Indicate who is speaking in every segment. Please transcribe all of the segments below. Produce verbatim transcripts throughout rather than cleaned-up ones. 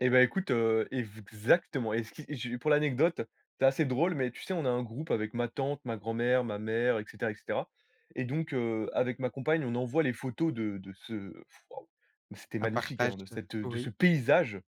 Speaker 1: Eh, beh, écoute, heu, ev exactement et ce qui j'ai pour l'anecdote, c'est assez drôle mais tu sais, on a un groupe avec ma tante, ma grand-mère, ma mère et cetera et cetera et donc heu, avec ma compagne, on envoie les photos de de ce waouh mais c'était
Speaker 2: Un
Speaker 1: magnifique,
Speaker 2: partage
Speaker 1: hein, de
Speaker 2: de
Speaker 1: cette, heu, de ce
Speaker 2: oui.
Speaker 1: paysage,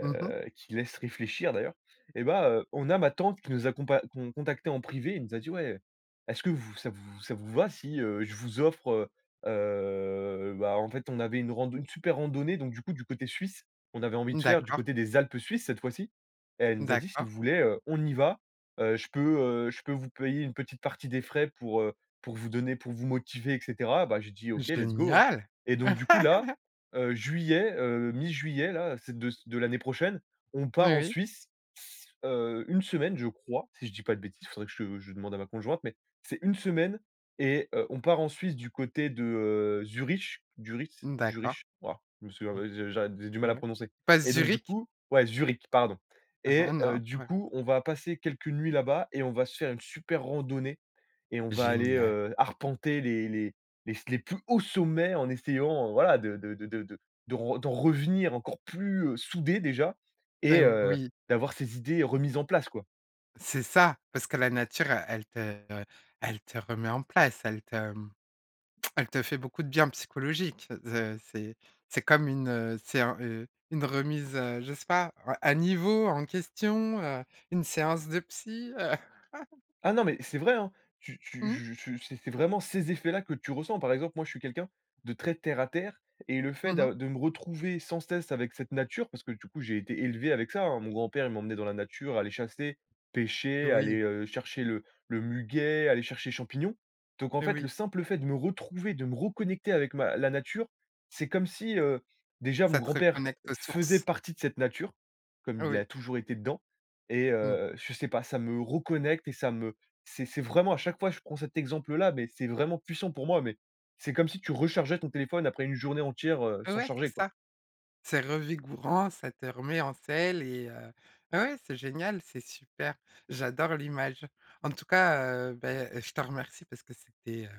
Speaker 2: Mmh mh.
Speaker 1: qui laisse réfléchir, d'ailleurs. Eh ben, heu, on a ma tante qui nous a compa con contacté en privé. Elle nous a dit: «Ouais, est-ce que vous ça vous ça vous va si, heu, je vous offre» heu heu, bah, en fait, on avait une rand une super randonnée donc du coup, du côté suisse, on avait envie de faire du
Speaker 2: D'accord.
Speaker 1: côté des Alpes suisses, cette fois-ci et elle nous a dit: «Si vous
Speaker 2: D'accord.
Speaker 1: voulez, heu, on y va, heu, je peux, heu, je peux vous payer une petite partie des frais pour, heu, pour vous donner pour vous motiver» et cetera. Bah, j'ai dit: «OK, let's go! Hein»
Speaker 2: Génial!
Speaker 1: et donc du coup, là, heu, juillet, heu, mi-juillet, là, c'est de c de l'année prochaine, on
Speaker 2: Oui,
Speaker 1: part en
Speaker 2: oui.
Speaker 1: Suisse, s heu, une semaine, je crois, si je dis pas de bêtises. Faudrait que je je demande à ma conjointe mais c'est une semaine et heu, on part en Suisse, du côté de, heu, Zurich, Duritz,
Speaker 2: D'accord.
Speaker 1: Jurich. Wouah, je me souviens,
Speaker 2: Mmh.
Speaker 1: heu, je j'a j'ai du mal à
Speaker 2: Ouais.
Speaker 1: prononcer
Speaker 2: Pas
Speaker 1: et donc du
Speaker 2: Zürich?
Speaker 1: coup ouais, Zürich, pardon et heu,
Speaker 2: Non.
Speaker 1: du coup, on va passer quelques nuits là-bas et on va se faire une super randonnée et on va aller,
Speaker 2: Génial!
Speaker 1: heu, arpenter les les les s les plus hauts sommets en essayant, heu, voilà, de de de de de de d'en re d'en revenir encore plus, heu, soudés, déjà
Speaker 2: Eh,
Speaker 1: et heu,
Speaker 2: oui!
Speaker 1: d'avoir ses idées remises en place, quoi.
Speaker 2: C'est ça, parce que la nature, heu, elle te, heu, elle te remet en place, elle te, mmh, elle te fait beaucoup de bien psychologique. Ze c'est c'est comme une, heu, c'est un heu, une remise, heu, je sais pas, à à niveau, en question, heu, une séance de psy, heu?
Speaker 1: Ah, non mais c'est vrai, hein! Tu tu
Speaker 2: Mmh.
Speaker 1: je tu je c'est c'est vraiment ces effets-là que tu ressens. Par exemple, moi, je suis quelqu'un de très terre à terre et le fait
Speaker 2: Mmh mh.
Speaker 1: d'a de me retrouver, sans cesse, avec cette nature, parce que, du coup, j'ai été élevé avec ça, hein. Mon grand-père, il m'emmenait dans la nature, aller chasser, pêcher,
Speaker 2: Oui.
Speaker 1: aller, heu, chercher le le muguet, aller chercher les champignons. Donc en
Speaker 2: Eh,
Speaker 1: fait, le
Speaker 2: oui.
Speaker 1: simple fait de me retrouver, de me reconnecter avec ma la nature, c'est comme si, heu, déjà, mon
Speaker 2: Ça te
Speaker 1: grand-père
Speaker 2: reconnecte aux
Speaker 1: faisait
Speaker 2: sources.
Speaker 1: partie de cette nature, comme il
Speaker 2: Oui.
Speaker 1: a toujours été dedans et heu
Speaker 2: Mmh
Speaker 1: heu,
Speaker 2: mh.
Speaker 1: je sais pas, ça me reconnecte et ça me c'est c'est vraiment à chaque fois, je prends cet exemple-là mais c'est vraiment puissant pour moi mais c'est comme si tu rechargeais ton téléphone, après une journée entière, heu,
Speaker 2: M
Speaker 1: sans
Speaker 2: ouais, c'est
Speaker 1: charger, quoi.
Speaker 2: ça. C'est revigourant. Ça te remet en selle et heu, beh, ouais, c'est génial, c'est super. J'adore l'image. En tout cas, heu, beh et je te remercie parce que c'était, heu,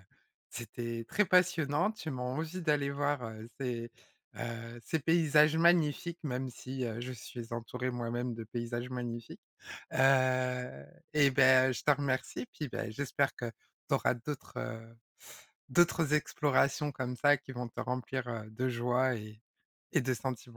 Speaker 2: c'était très passionnant. Tu m'en envie d'aller voir, heu, ces, heu, ces paysages magnifiques, même si, heu, je suis entourée, moi-même, de paysages magnifiques. Heu, eh ben, je te remercie puis beh, j'espère que tu auras d'autres, heu, d'autres explorations comme ça qui vont te remplir, heu, de joie et et de sentiments.